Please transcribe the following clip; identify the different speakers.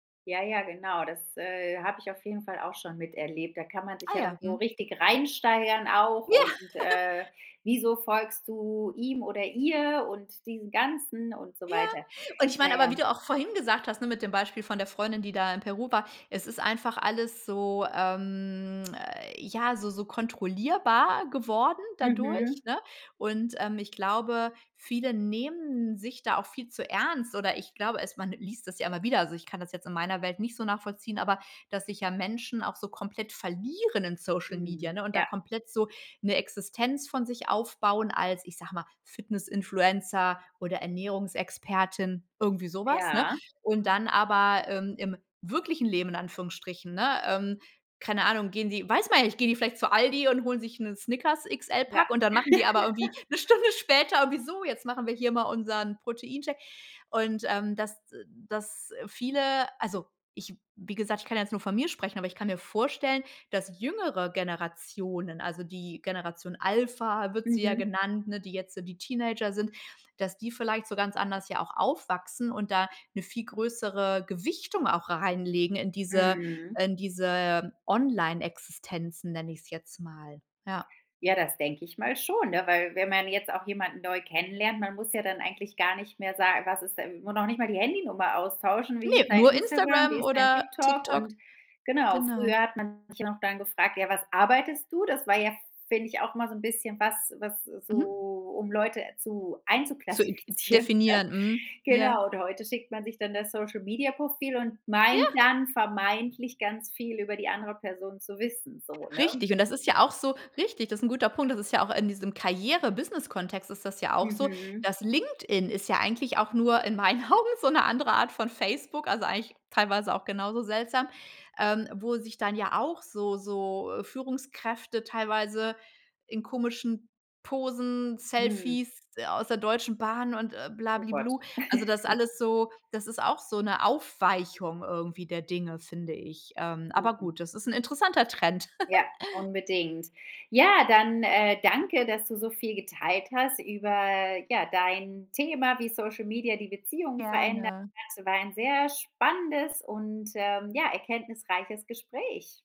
Speaker 1: Ja, ja, genau. Das, äh, habe ich auf jeden Fall auch schon miterlebt. Da kann man sich
Speaker 2: Ah
Speaker 1: ja dann
Speaker 2: ja.
Speaker 1: so
Speaker 2: Mhm.
Speaker 1: richtig reinsteigern auch.
Speaker 2: Ja.
Speaker 1: Und, äh, wieso folgst du ihm oder ihr und diesem Ganzen und so
Speaker 2: Ja.
Speaker 1: weiter.
Speaker 2: Und ich
Speaker 1: Na
Speaker 2: meine aber,
Speaker 1: ja.
Speaker 2: wie du auch vorhin gesagt hast, ne, mit dem Beispiel von der Freundin, die da in Peru war. Es ist einfach alles so ähm, äh, ja, so so kontrollierbar geworden
Speaker 1: Mhm.
Speaker 2: dadurch, ne? Und, ähm, ich glaube, viele nehmen sich da auch viel zu ernst oder ich glaube es man liest das ja immer wieder. Also, ich kann das jetzt in meiner Welt nicht so nachvollziehen, aber dass sich ja Menschen auch so komplett verlieren in Social Media,
Speaker 1: Mhm.
Speaker 2: ne, und da
Speaker 1: Ja.
Speaker 2: komplett so 'ne Existenz von sich aufbauen als, ich sage mal, Fitness-Influencer oder Ernährungsexpertin, irgendwie so was, ne?
Speaker 1: Ja.
Speaker 2: Und dann aber, ähm, im wirklichen Leben in Anführungsstrichen, ne ähm, keine Ahnung, gehen die, weiß man ja nicht, gehen die vielleicht zu Aldi und holen sich 'ne
Speaker 1: Ja.
Speaker 2: Snickers-XL-Pack und dann machen die aber irgendwie 'ne Stunde später irgendwie: „So, jetzt machen wir hier mal unseren Protein-Shake." Und, ähm, dass dass viele also, ich wie gesagt, ich kann ja jetzt nur von mir sprechen, aber ich kann mir vorstellen, dass jüngere Generationen, also die Generation Alpha wird sie ja
Speaker 1: Mhm.
Speaker 2: genannt, ne, die jetzt so die Teenager sind dass die vielleicht so ganz anders ja auch aufwachsen und da 'ne viel größere Gewichtung auch reinlegen in diese
Speaker 1: Mhm.
Speaker 2: in diese Online-Existenzen, nenne ich's jetzt mal. Ja.
Speaker 1: Ja, das denke ich mal schon, ne, weil, wenn man jetzt auch jemanden neu kennenlernt man muss ja dann eigentlich gar nicht mehr sa was ist denn noch nicht mal die Handynummer austauschen. „Wie ist
Speaker 2: Ne,
Speaker 1: dein
Speaker 2: nur
Speaker 1: Instagram? Wie
Speaker 2: Instagram
Speaker 1: ist dein
Speaker 2: oder
Speaker 1: TikTok?"
Speaker 2: TikTok.
Speaker 1: Und genau,
Speaker 2: Genau.
Speaker 1: früher hat man sich ja noch dann gefragt: „Ja, was arbeitest du?" Das war ja, f f finde ich, auch mal so 'n bisschen was was
Speaker 2: Mhm.
Speaker 1: so um Leute zu
Speaker 2: Zu i i
Speaker 1: einzuklassifizieren, ne?
Speaker 2: definieren. Mhm, ja.
Speaker 1: Genau. Und heute schickt man sich dann das Social Media-Profil und meint
Speaker 2: Ja.
Speaker 1: dann vermeintlich ganz viel über die andere Person zu wissen so, ne?
Speaker 2: Richtig und das ist ja auch so richtig, das ist 'n guter Punkt. Das ist ja auch in diesem Karriere-Business-Kontext ist das ja auch so.
Speaker 1: Mhm.
Speaker 2: Das LinkedIn ist ja eigentlich auch nur in meinen Augen so 'ne andere Art von Facebook, also eigentlich teilweise auch genauso seltsam, ähm, wo sich dann ja auch so so, äh, Führungskräfte teilweise in komischen Posen,
Speaker 1: Hm.
Speaker 2: Selfies aus der Deutschen Bahn und, äh, bla,
Speaker 1: Oh
Speaker 2: bli,
Speaker 1: Gott.
Speaker 2: blu also das alles so das ist auch so 'ne Aufweichung irgendwie der Dinge, finde ich, ähm Aber
Speaker 1: Mhm.
Speaker 2: gut, das ist 'n interessanter Trend.
Speaker 1: Ja, unbedingt. Ja, dann, äh, danke, dass du so viel geteilt hast über, ja, dein Thema, wie Social Media die Beziehung verändern.
Speaker 2: Gerne.
Speaker 1: Es war ein sehr spannendes und, ähm, ja, erkenntnisreiches Gespräch.